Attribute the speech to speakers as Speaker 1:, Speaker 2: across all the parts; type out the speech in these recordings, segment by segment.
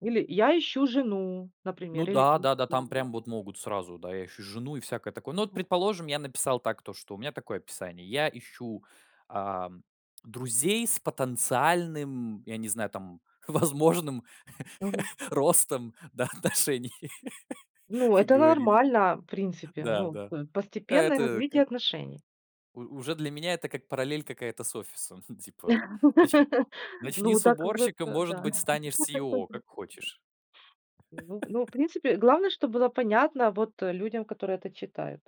Speaker 1: Или я ищу жену,
Speaker 2: Ну
Speaker 1: например, или.
Speaker 2: да, да, да. Там
Speaker 1: [unintelligible]
Speaker 2: прям вот могут сразу: да, я ищу жену и всякое такое. Ну вот,
Speaker 1: Мгм.
Speaker 2: предположим, я написал так, то что у меня такое описание: "Я ищу, ам, друзей с потенциальным" я не знаю, там "возможным
Speaker 1: Мгм.
Speaker 2: ростом, да, отношений"
Speaker 1: Ну
Speaker 2: как
Speaker 1: это
Speaker 2: говорится.
Speaker 1: нормально, в принципе.
Speaker 2: Да,
Speaker 1: Ну
Speaker 2: да.
Speaker 1: п постепенное
Speaker 2: Это к
Speaker 1: развитие отношений.
Speaker 2: У уже для меня, это как параллель какая-то с офисом типа. Начни начни
Speaker 1: Ну,
Speaker 2: с
Speaker 1: так вот,
Speaker 2: уборщика может
Speaker 1: да.
Speaker 2: быть станешь СЕО, как хочешь.
Speaker 1: Ну ну, в принципе, главное, чтоб было понятно вот, э, людям, которые это читают.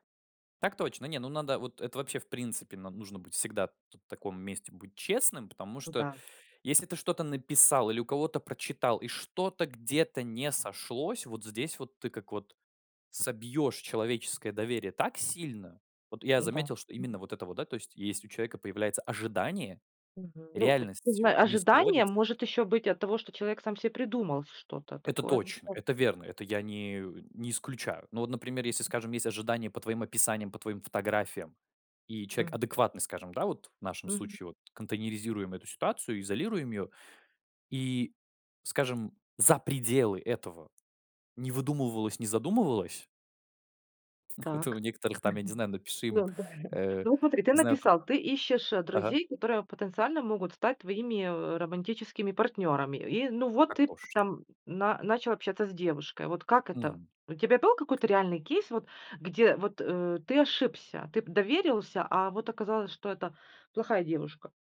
Speaker 2: Так точно. Не, ну надо вот это вообще, в принципе, нам нужно быть всегда т таком месте быть честным, потому
Speaker 1: Ну
Speaker 2: что,
Speaker 1: да.
Speaker 2: если ты что-то написал или у кого-то прочитал, и что-то где-то не сошлось, вот здесь вот ты как вот собьешь человеческое доверие так сильно. Вот я
Speaker 1: М-да,
Speaker 2: заметил, что
Speaker 1: мгм.
Speaker 2: именно вот это вот, да то есть если у человека появляется ожидание,
Speaker 1: Мгм. Ну, м, сигмы
Speaker 2: реальностью не
Speaker 1: ожидание
Speaker 2: сходится
Speaker 1: может еще быть от того, что человек сам себе придумал что-то
Speaker 2: Это
Speaker 1: такое.
Speaker 2: точно, это
Speaker 1: [unintelligible]
Speaker 2: верно, это я не не исключаю. Ну вот, например, если, скажем, есть ожидания по твоим описаниям, по твоим фотографиям, и человек
Speaker 1: М.
Speaker 2: адекватный, скажем, да, вот в нашем
Speaker 1: Мгм.
Speaker 2: случае вот контейнеризируем эту ситуацию, изолируем ее. И, скажем, за пределы этого не выдумывалось, не задумывалось Это у
Speaker 1: Так.
Speaker 2: некоторых там я не знаю,
Speaker 1: [unintelligible]
Speaker 2: напиши
Speaker 1: Да.
Speaker 2: им, э
Speaker 1: Ну вот смотри, ты
Speaker 2: Не знаю там
Speaker 1: написал: ты ищешь, э,
Speaker 2: Ага.
Speaker 1: друзей, которые потенциально могут стать твоими, э, романтическими партнерами. И ну вот,
Speaker 2: Так
Speaker 1: ты
Speaker 2: тошно.
Speaker 1: там на начал общаться с девушкой. Вот как это?
Speaker 2: Мгм.
Speaker 1: У тебя был какой-то реальный кейс, вот где вот, э, ты ошибся, ты п доверился, а вот оказалось, что это плохая девушка?